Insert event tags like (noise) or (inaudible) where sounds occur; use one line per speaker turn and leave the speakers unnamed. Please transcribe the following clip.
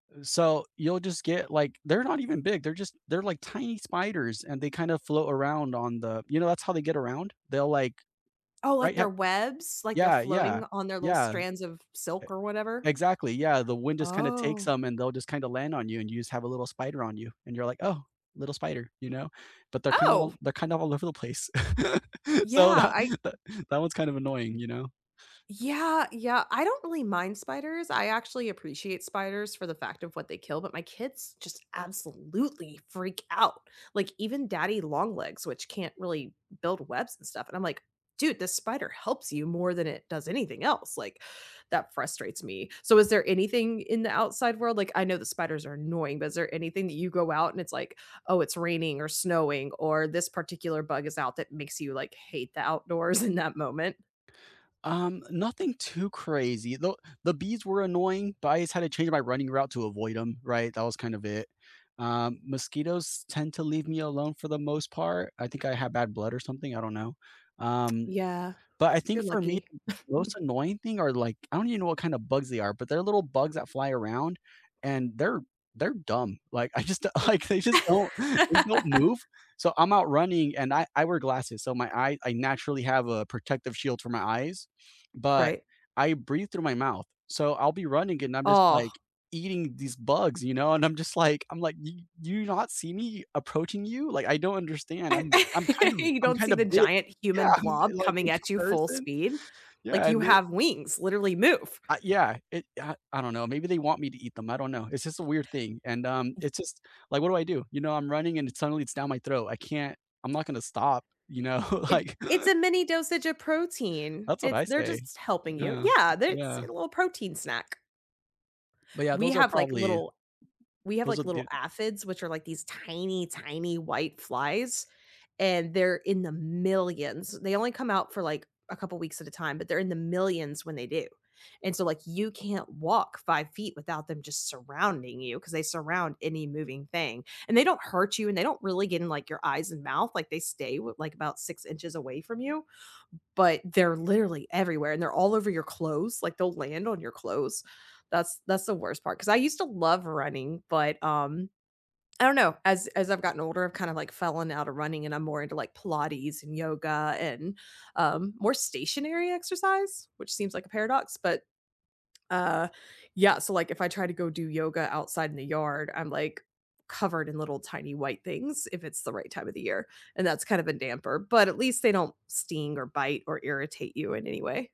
Uh, so you'll just get, like they're not even big, they're just they're, like, tiny spiders and they kinda float around on the, you know, that's how they get around, they'll, like
Oh, like
right yu
their webs? Like, they're
yeah
floating
yeah
on their little
yeah, e
strands of silk or whatever?
exactly, yeah, the wind just kind of takes
Oh.
'em, and they'll just kind of land on you, and you just have a little spider on you, and you're like, "Oh, little spider," you know? But they're kinda
Oh.
all they're kind of all over the place, (laughs) so
Yeah,
that
I
(chuckles) that one's kind of annoying, you know?
Yeah, yeah, I don't really mind spiders, I actually appreciate spiders for the fact of what they kill, but my kids just absolutely freak out, like, even daddy longlegs, which can't really build webs and stuff, and I'm like, "Dude, this spider helps you more than it does anything else," like, that frustrates me. So, is there anything in the outside world like, I know that spiders are annoying, but is there anything that you go out and it's like, "Oh, it's raining or snowing," or this particular bug is out that makes you, like, hate the outdoors in that moment?
Um, nothing too crazy, though the bees were annoying, but I just had to change my running route to avoid 'em, right? That was kind of it. Um, mosquitoes tend to leave me alone for the most part, I think I have bad blood or something, I don't know, um,
Yeah,
but I think
you're
for me,
lucky.
th the most
(chuckles)
annoying thing are like I don't even know what kind of bugs they are, but they're little bugs that fly around and they're they're dumb, like I just like, they just don't they don't move,
(laughs)
so I'm out running and I I wear glasses, so my eye I naturally have a protective shield for my eyes, but
Right.
I breathe through my mouth, so, I'll be running and I'm just,
Ugh.
like, eating these bugs, you know, and I'm just like I'm like, "Do do you not see me approaching you?" Like, I don't understand, I'm I'm kind
(laughs)
of
You
I'm
don't see
kinda
the
big
giant
yeah,
human
I'm
blob
like a
coming at you full
person,
speed? Like,
yeah
"You
and they
have wings, literally move."
I yeah, it, uh I don't know, maybe they want me to eat them, I don't know. It's just a weird thing, and, um, it's just like, what do I do? You know, I'm running and suddenly it's down my throat, I can't I'm not gonna stop, you know?
It
Like
it's
(chuckles)
a mini dosage of protein,
That's what
it
I
they're
say,
just helping you.
yeah uh,
Yeah, they're It's
yeah.
a little protein snack.
But yeah,
We
those are
have, like,
probably
little we have,
those are
like, little
the
aphids, which are, like, these tiny, tiny white flies, and they're in the millions. They only come out for, like, a couple weeks at a time, but they're in the millions when they do, and so, like, you can't walk 5' without them just surrounding you, 'cause they surround any moving thing, and they don't hurt you, and they don't really get in, like, your eyes and mouth, like, they stay w like, about 6" away from you, but they're literally everywhere, and they're all over your clothes like, they'll land on your clothes, that's that's the worst part. 'Cause I used to love running, but, um, I don't know, as as I've gotten older, I've kinda, like, fallen out of running and I'm more into, like, pilates and yoga and, um, more stationary exercise, which seems like a paradox, but, uh yeah, so like, if I try to go do yoga outside in the yard, I'm, like, covered in little, tiny white things, if it's the right time of the year, and that's kind of a damper, but at least they don't sting or bite or irritate you in any way.